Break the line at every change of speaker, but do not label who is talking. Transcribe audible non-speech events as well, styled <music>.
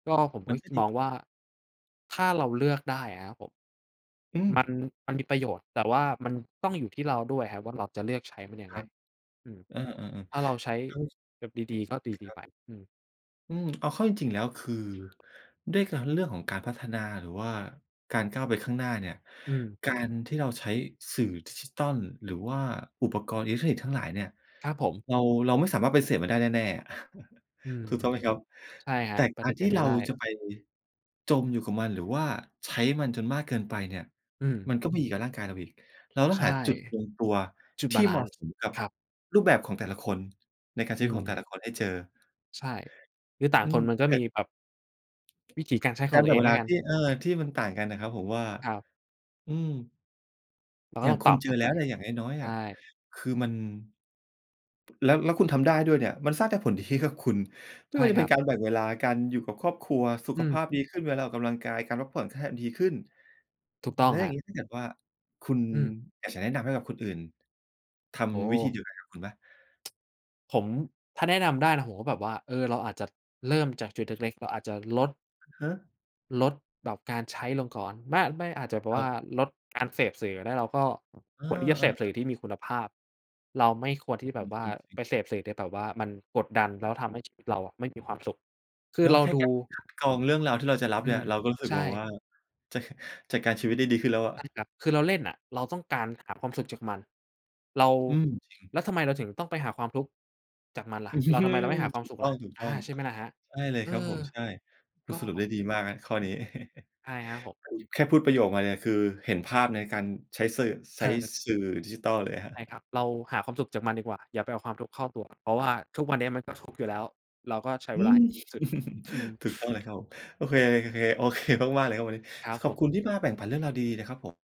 ก็ ผม
ม
ก็
ันก็
ค
ด
ม
ี
องว่า ถ้าเราเลือกได้อะครับผม
อื
ม
ม
ัน มันมีประโยชน์ แต่ว่ามันต้องอยู่ที่เราด้วยครับว่า เราจะเลือกใช้มันยั
ค
งไ
ร
ง?
ับ
อืม
เออ ๆ ๆ
ถ้าเราใช้
<sniffs>
แบบดี ๆ ก็ด
<unintelligible> ค
ี
รั
ๆ
บ
ไป
ผม
อืม
อืม เอาเข้าจริง ๆ แล้ว คือ ด้วยการ เรื่องของการพัฒนา หรือว่าการก้าวไปข้างหน้าเนี่ย
อืม
การที่เราใช้สื่อดิจิทัล หรือว่าอุปกรณ์อิเล็กทรอนิกส์ทั้งหลายเนี่ย
ครับผม
เรา เราไม่สามารถปฏิเสธมันได้แน่ ๆ <laughs>
อืม
ถูกต้องไหมครับ?
ใช่ค
แ
ร
ต
ั
่
บ ป
กา
ฏิ
ร
เส
ที่
ธไม
เ
่
รา
ได้
จะไป จมอยู่กับมัน หรือว่าใช้มันจนมากเกินไปเนี่ย
อืม
มันก็ไม่ดีกับร่างกายเราอีก เราต้
ใ
อ
ช
ง
่
หาจุดลงตัว
จุด
ท
บา
ี่
ล
เห
ั
ม
น
าะ
ซ์
สมกับ
ครับ
รูปแบบของแต่ละคน ในการใ
อ
ช
ื
้ของแ
ม
ต่ละคนให้เจอ
ใช่ คือต่า
อ
ง
ื
ค
ม
นมันก็
แต่
มีแบบ วิถีการใช้ข
ก
อ
า
ง
ร
ต
แ
ั
บ
ว
่
เอ
งเ
ง
ว
แล
ล
้
า
วกั
ท
น
ี่ เออ ที่มันต่างกันน่ะครับ ผมว่า
ครับ
อืม
เราก
อ
็
ย่
ต
า
้
ง
อง
ค
ปร
ุ
ั
ณ
บ
เจ
กั
อ
น
แ
ไ
ล
ป
้วเนี่ย อย่างน้อย
ใช
ๆ อะ
่
คือมัน แล้ว แล้วคุณทำได้ด้วยเนี่ย มันสร้างแต่ ผลดี ให้กับคุณ ไม
ใ
่
ช
ว
่
่าจะ
ค
เป
ร
็
ั
น
บ
การแบ่งเวลา การอยู่กับครอบครัว สุ
อื
ขภ
ม
าพดีขึ้นเวลาออกกำลังกาย การพักผ่อน แค่ ดีขึ้น
ถูกต้อ
แล
ง
้ว
ค
อย
ร
่
ั
าง
บ
งี้ถ้าเกิดว่า คุณ
อืม
อยากจะแนะนำให้กับคนอื่น ท
โอ้โ
ำวิธี
ฮ!
เดียวกันกับคุณไหม?
<tsk> ผม ถ้าแนะนำได้นะ ผมก็แบบว่า เออ เราอาจจะเริ่มจากจุดเล็ก ๆ เราอาจจะลด
ฮะ!
ลดแบบการใช้ลงก่อน บ้า ไม่ อาจจะแบบ
ค
ว
รั
่า
บ
ลดการเสพสื่อก็ได้ แล้วก็
เออ
ควรที่จะเสพ
ๆ
สื่
อ
อที่มีคุณภาพ เราไม่ควรที่จะแ
อ
บ
ื
บ
ม
ว่า
จริ
ไ
ง ๆ
ปเสพสื่อที่แบบว่ามันกดดัน แล้วทำให้ชีวิตเราอะไม่มีความสุข คื
เน
อ
า
เ
ะ
รา
แค่
ดู
การ คัด กรองเรื่องราวที่เราจะรับ
อื
เนี่ย
ม
เราก็รู้สึ
ใ
ก
ช
แบบว
่
่า จ จัดการชีวิตได้ดีขึ้นแล้วอ
ใช่
ะ
ครับ คือเราเล่นน่ะ เราต้องการ หาความสุขจากมัน เรา
อืม จริง
แล้วทำไมเราถึงต้องไปหาความทุกข์จากมันล่
อ
ะ?
ื
เรา ทำไมเ
ม
ราไม่หาคว
ถ
าม
ู
ส
ก
ุข
ต้
ล่ะ? อา
อง
ใช่ไหมล่ะครับ?
ๆ ใช่เลย
เอ
ครับผ
อ
ม ใช่ คุ
ก
ณ
็
สรุปได้ดีมากครับข้อนี้ <chuckles>
ใช่ครับผม
แค่พูดประโยคมาเนี่ย คือเห็นภาพในการใช้สื่อ ไซ
เ
้
ออ
สื่อดิจิทัลเลยครับ
ใช่ค
<chuckles>
รับ เราหาความสุขจากมันดีกว่า อย่าไปเอาความทุกข์เข้าตัว เพราะว่าทุกวันนี้มันก็ทุกข์อยู่แล้ว เราก็ใช้
อ
เ
ื
วลาใ
ม
ห้ดีที่สุด อืม
<laughs> ถูกต้อง
<sniffs>
เลยครับผม โอเค ๆ โอเคมาก ๆ เลยครับวันนี้
ครับ
ข
ผ
อบ
ม
คุณที่มาแบ่งปันเรื่องราวดี ๆ นะครับผม